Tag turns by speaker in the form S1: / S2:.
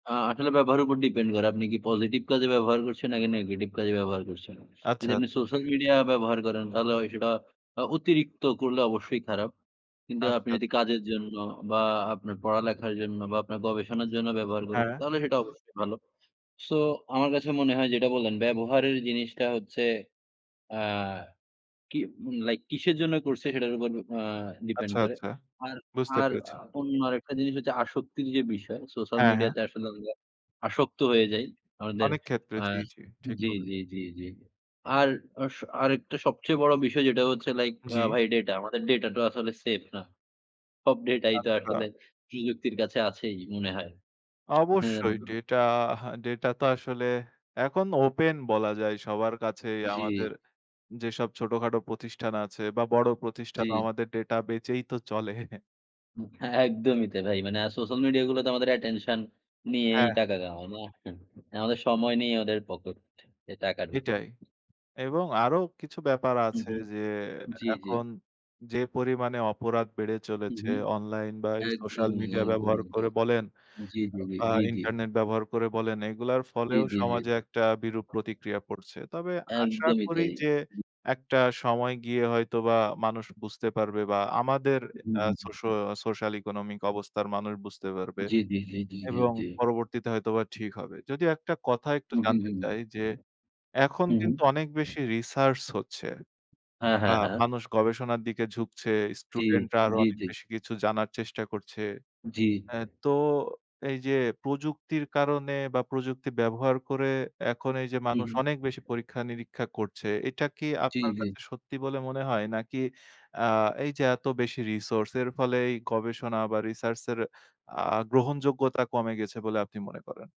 S1: আ আসলে ব্যবহারের উপর depend করে। আপনি কি positive কাজে ব্যবহার করছেন নাকি negetive কাজে ব্যবহার করছেন।
S2: আচ্ছা,
S1: যদি আপনি
S2: আচ্ছা।
S1: সোশ্যাল মিডিয়া ব্যবহার করেন তাহলে হয় সেটা অ অতিরিক্ত করলে অবশ্যই খারাপ। কিন্তু আপনি
S2: আচ্ছা।
S1: যদি কাজের জন্য বা আপনার পড়ালেখার জন্য বা আপনার গবেষণার জন্য ব্যবহার করেন
S2: হ্যাঁ।
S1: তাহলে সেটা অবশ্যই ভালো। সো আমার কাছে মনে হয় যেটা বললেন ব্যবহারের জিনিসটা হচ্ছে আ কিমু লাইক কিসের জন্য করছে সেটার উপর আ depend
S2: আচ্ছা,
S1: করে।
S2: আচ্ছা।
S1: আর
S2: বুঝতে
S1: আর
S2: পেরেছি।
S1: অন্য আরেকটা জিনিস হচ্ছে আসক্তির যে, বিষয় সোশ্যাল
S2: হ্যাঁ, হ্যাঁ।
S1: মিডিয়াতে আসলে আমরা আসক্ত হয়ে যাই। আমাদের
S2: অনেকক্ষেত্রে
S1: আ
S2: জি, জি। ঠিক
S1: জি,
S2: বলে।
S1: জি, জি, জি। আর আ স আরেকটা সবচেয়ে বড় বিষয় যেটা হচ্ছে লাইক অ্যা
S2: জি।
S1: ভাই ডেটা। আমাদের ডেটা তো আসলে সেফ না। সব ডেটাই তো
S2: আচ্ছা।
S1: আসলে প্রযুক্তির কাছে আছেই মনে হয়।
S2: অবশ্যই
S1: এন্ম
S2: ডেটা হা ডেটা তো আসলে এখন ওপেন বলা যায়। সবার কাছেই আমাদের
S1: জি।
S2: যেসব ছোটখাটো প্রতিষ্ঠান আছে বা বড় প্রতিষ্ঠান
S1: জি।
S2: আমাদের ডেটা বেঁচেই তো চলে।
S1: হু হ্যাঁ, একদমই তাই। ভাই মানে সোশ্যাল মিডিয়াগুলো তো আমাদের attention নিয়েই
S2: হ্যাঁ, হ্যাঁ।
S1: টাকা কামায়, না? আমাদের সময় নেই ওদের পকেটে টাকা ঢুকে।
S2: এটাই। এবং আরো কিছু ব্যাপার
S1: হু,
S2: আছে
S1: হুম।
S2: যে,
S1: জি, জি।
S2: এখন যে, পরিমাণে অপরাধ বেড়ে
S1: হু,
S2: চলেছে
S1: হুম।
S2: অনলাইন বা এই সোশ্যাল
S1: একদমই,
S2: মিডিয়া ব্যবহার
S1: একদমই তাই।
S2: করে বলেন
S1: জি,
S2: আ
S1: জি,
S2: বা
S1: জি, জি।
S2: ইন্টারনেট ব্যবহার করে বলেন, এগুলোর
S1: জি,
S2: ফলেও
S1: জি,
S2: সমাজে
S1: জি।
S2: একটা বিরূপ প্রতিক্রিয়া পড়ছে। তবে আশা
S1: একদমই
S2: করি
S1: তাই।
S2: যে,
S1: জি।
S2: একটা সময় গিয়ে হয়তোবা মানুষ বুঝতে পারবে বা আমাদের
S1: হু,
S2: আ
S1: হু,
S2: সোশো
S1: হুম।
S2: আ social economic অবস্থার মানুষ বুঝতে পারবে।
S1: জি, জি, জি, জি, জি,
S2: এবং
S1: জি।
S2: পরবর্তীতে হয়তোবা ঠিক হবে। যদিও একটা কথা একটু
S1: হু, হু,
S2: জানতে
S1: হুম।
S2: চাই যে, এখন
S1: হু, হুম।
S2: কিন্তু অনেক বেশি research হচ্ছে।
S1: হ্যাঁ,
S2: আ
S1: হ্যাঁ, হ্যাঁ।
S2: মানুষ গবেষণার দিকে ঝুঁকছে।
S1: জি,
S2: স্টুডেন্টরা আরো
S1: জি,
S2: অনেক
S1: জি।
S2: বেশি কিছু জানার চেষ্টা করছে।
S1: জি।
S2: আ তো এইযে প্রযুক্তির কারণে বা প্রযুক্তি ব্যবহার করে এখন এইযে
S1: হু,
S2: মানুষ
S1: হুম।
S2: অনেক বেশি পরীক্ষা নিরীক্ষা করছে। এটা কি
S1: জি,
S2: আপনার
S1: জি।
S2: কাছে সত্যি বলে মনে হয় নাকি আ এইযে এত বেশি resource এর ফলে এই গবেষণা বা research এর আ গ্রহণযোগ্যতা কমে গেছে বলে আপনি মনে করেন?